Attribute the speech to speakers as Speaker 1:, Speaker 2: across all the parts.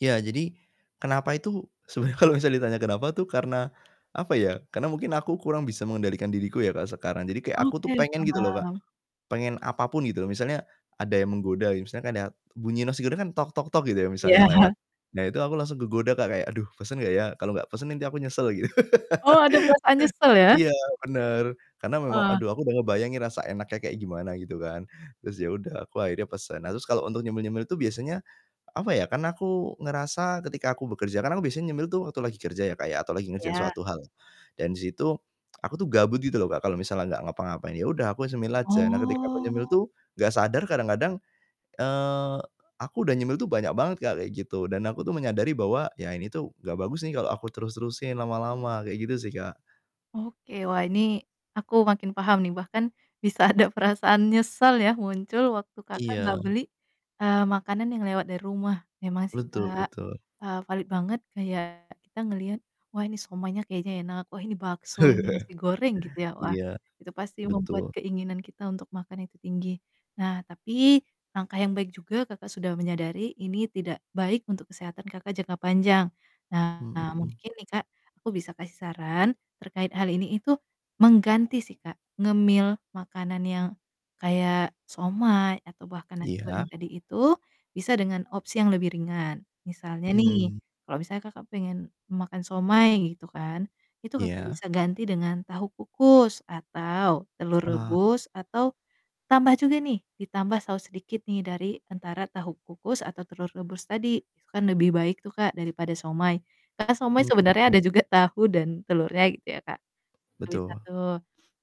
Speaker 1: Ya, jadi kenapa itu, sebenarnya kalau misalnya ditanya kenapa tuh karena apa ya, karena mungkin aku kurang bisa mengendalikan diriku ya kalau sekarang. Jadi kayak aku tuh
Speaker 2: Oke,
Speaker 1: pengen gitu loh Kak,
Speaker 2: paham.
Speaker 1: pengen apa pun gitu loh. Misalnya ada yang menggoda gitu, misalkan ya bunyi nasi goreng kan, gitu ya misalnya lewat.
Speaker 2: Iya.
Speaker 1: Nah, itu aku langsung kegoda Kak kayak, "Aduh, pesen nggak ya? Kalau nggak pesen nanti aku nyesel," gitu.
Speaker 2: Oh, ada perasaan nyesel ya.
Speaker 1: Iya, bener, karena memang
Speaker 2: Wah.
Speaker 1: aduh aku udah ngebayangin rasa enaknya kayak gimana gitu kan, terus ya udah aku akhirnya pesen. Nah, terus kalau untuk nyemil-nyemil itu biasanya, apa ya, karena aku ngerasa ketika aku bekerja kan aku biasanya nyemil tuh waktu lagi kerja ya, Kak ya, atau lagi ngerjain
Speaker 2: Iya.
Speaker 1: suatu hal dan di situ aku tuh gabut gitu loh Kak kalau misalnya nggak ngapa-ngapain, ya udah aku nyemil aja. Nah, ketika aku nyemil
Speaker 2: Oh.
Speaker 1: tuh nggak sadar kadang-kadang, eee, aku udah nyemil tuh banyak banget Kak, kayak gitu. Dan aku tuh menyadari bahwa ya ini tuh nggak bagus nih kalau aku terus terusin lama-lama, kayak gitu sih, Kak.
Speaker 2: Oke, wah, ini aku makin paham nih. Bahkan bisa ada perasaan nyesal ya muncul waktu Kakak nggak
Speaker 1: Iya.
Speaker 2: beli, eee, makanan yang lewat dari rumah. Emang sih
Speaker 1: Betul
Speaker 2: Kak,
Speaker 1: betul.
Speaker 2: eee, valid banget kayak kita ngeliat, "Wah, ini siomaynya kayaknya enak, wah ini bakso, ini nasi goreng," gitu ya. Wah,
Speaker 1: Iya,
Speaker 2: itu pasti membuat
Speaker 1: betul.
Speaker 2: keinginan kita untuk makan itu tinggi. Nah, tapi langkah yang baik juga Kakak sudah menyadari ini tidak baik untuk kesehatan Kakak jangka panjang. Nah,
Speaker 1: Mhm.
Speaker 2: mungkin nih Kak, aku bisa kasih saran terkait hal ini itu mengganti sih Kak, ngemil makanan yang kayak siomay atau bahkan nasi goreng
Speaker 1: Iya.
Speaker 2: tadi itu bisa dengan opsi yang lebih ringan. Misalnya nih,
Speaker 1: Hmm.
Speaker 2: kalau misalnya Kakak pengen makan siomay gitu kan, itu Kakak
Speaker 1: Iya.
Speaker 2: bisa ganti dengan tahu kukus atau telur
Speaker 1: Wah.
Speaker 2: rebus, atau tambah juga nih, ditambah saos sedikit nih dari antara tahu kukus atau telur rebus tadi itu kan lebih baik tuh Kak, daripada siomay. Karena siomay sebenarnya
Speaker 1: Mmm.
Speaker 2: ada juga tahu dan telurnya gitu ya, Kak. Nah, bisa
Speaker 1: Betul.
Speaker 2: tuh.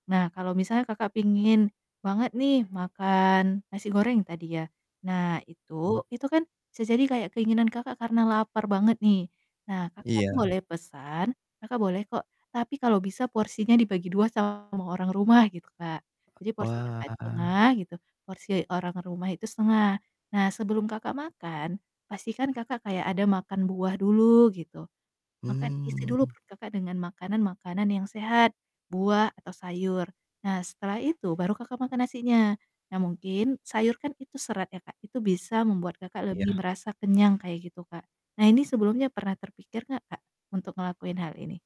Speaker 2: Nah, kalau misalnya Kakak pingin banget nih makan nasi goreng tadi ya. Nah,
Speaker 1: Mmm.
Speaker 2: itu, itu kan bisa jadi kayak keinginan Kakak karena lapar banget nih. Nah, Kakak
Speaker 1: Iya.
Speaker 2: boleh pesan, Kakak boleh kok, tapi kalau bisa porsinya dibagi 2 sama orang rumah, gitu Kak. Jadi porsi Kakak
Speaker 1: Wah.
Speaker 2: 1/2 gitu, porsi orang rumah itu 1/2. Nah, sebelum Kakak makan, pastikan Kakak kayak ada makan buah dulu gitu. Makan isi dulu
Speaker 1: Mmm.
Speaker 2: perut Kakak dengan makanan-makanan yang sehat buah atau sayur. Nah, setelah itu baru Kakak makan nasinya. Nah, mungkin sayur kan itu serat ya Kak, itu bisa membuat Kakak lebih
Speaker 1: Iya.
Speaker 2: merasa kenyang kayak gitu, Kak. Nah, ini sebelumnya pernah terpikir nggak Kak, untuk ngelakuin hal ini?